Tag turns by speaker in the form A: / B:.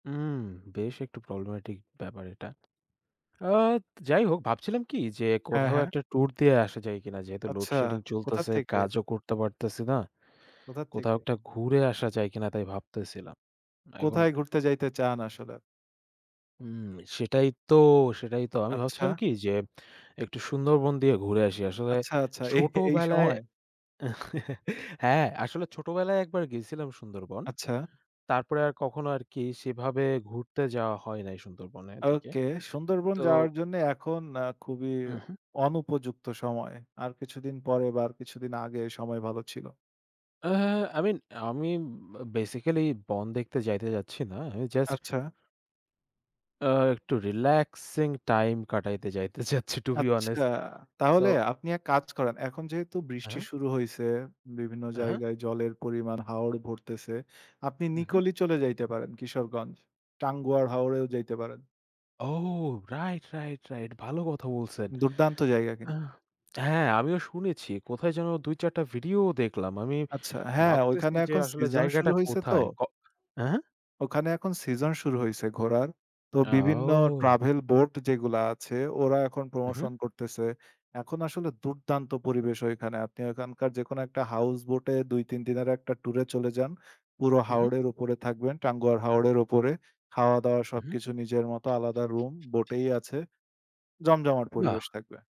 A: উম বেশ একটু প্রবলেমেটিক ব্যাপার এটা। আ যাই হোক ভাবছিলাম কি যে,
B: হ্যাঁ,
A: কোথাও
B: হ্যাঁ।
A: একটা ট্যুর দিয়ে আসা যায় কিনা। যেহেতু
B: আচ্ছা।
A: লোডশেডিং
B: কোথা
A: চলতাছে,
B: থেকে?
A: কাজও করতে পারতেছি না।
B: কোথার
A: কোথাও
B: থেকে?
A: একটা ঘুরে আসা যায় কিনা তাই ভাবতেছিলাম। এখন
B: কোথায় ঘুরতে যাইতে চান আসলে?
A: উম, সেটাই তো, সেটাই তো আমি ভাবছিলাম
B: আচ্ছা।
A: কি যে, একটু সুন্দরবন দিয়ে ঘুরে আসি। আসলে
B: আচ্ছা, আচ্ছা। এই, এই
A: ছোটবেলায়,
B: সময়।
A: হ্যাঁ, আসলে ছোটবেলায় একবার গেছিলাম সুন্দরবন।
B: আচ্ছা।
A: তারপরে আর কখনো আরকি সেভাবে ঘুরতে যাওয়া হয় নাই সুন্দরবনের দিকে।
B: ওকে, সুন্দরবন
A: তো
B: যাওয়ার জন্যে এখন আ খুবই
A: হু, হুম।
B: অনুপযুক্ত সময়। আর কিছুদিন পরে বা কিছুদিন আগে সময় ভালো ছিল।
A: অ্যা আই মিন আমি বেসিক্যালি বন দেখতে যাইতে যাচ্ছি না। আমি জাস্ট
B: আচ্ছা।
A: অ্যা একটু রিল্যাক্সিং টাইম কাটাইতে যাইতে চাচ্ছি টু বি
B: আচ্ছা।
A: অনেস্ট। সো
B: তাহলে আপনি এক কাজ করেন। এখন যেহেতু বৃষ্টি
A: হ্যাঁ?
B: শুরু হইছে, বিভিন্ন
A: হ্যাঁ।
B: জায়গায় জলের পরিমাণ, হাওর ভরতেছে। আপনি
A: হু, হুম।
B: নিকলি চলে যাইতে পারেন, কিশোরগঞ্জ। টাঙ্গুয়ার হাওরেও যাইতে পারেন।
A: ও। Right, right, right. ভালো কথা বলছেন।
B: দুর্দান্ত জায়গা
A: আ
B: কিন্তু।
A: হ্যাঁ, আমিও শুনেছি। কোথায় যেন ২ ৪ টা ভিডিও দেখলাম। আমি
B: আচ্ছা। হ্যাঁ,
A: ভাবতেছি
B: ঐখানে
A: যে,
B: এখন
A: আসলে
B: সিজন শুরু
A: জায়গাটা
B: হইছে তো।
A: কোথায়। ক হ্যাঁ?
B: ওখানে এখন সিজন শুরু হইছে ঘোরার। তো বিভিন্ন
A: আও!
B: ট্রাভেল বোট যেগুলা আছে, ওরা এখন
A: হু,
B: প্রমোশন
A: হুম।
B: করতেছে। এখন আসলে দুর্দান্ত পরিবেশ ওইখানে। আপনি ওইখানকার যেকোনো একটা হাউস বোট এ ২ ৩ দিনের একটা টুরে চলে যান। পুরো
A: হু, হুম।
B: হাওড়ের উপরে থাকবেন। টাঙ্গুয়ার হাওড়ের উপরে। খাওয়া-দাওয়া
A: হু, হু।
B: সবকিছু নিজের মত। আলাদা রুম বোটেই আছে। জমজমাট
A: বাহ!
B: পরিবেশ থাকবে।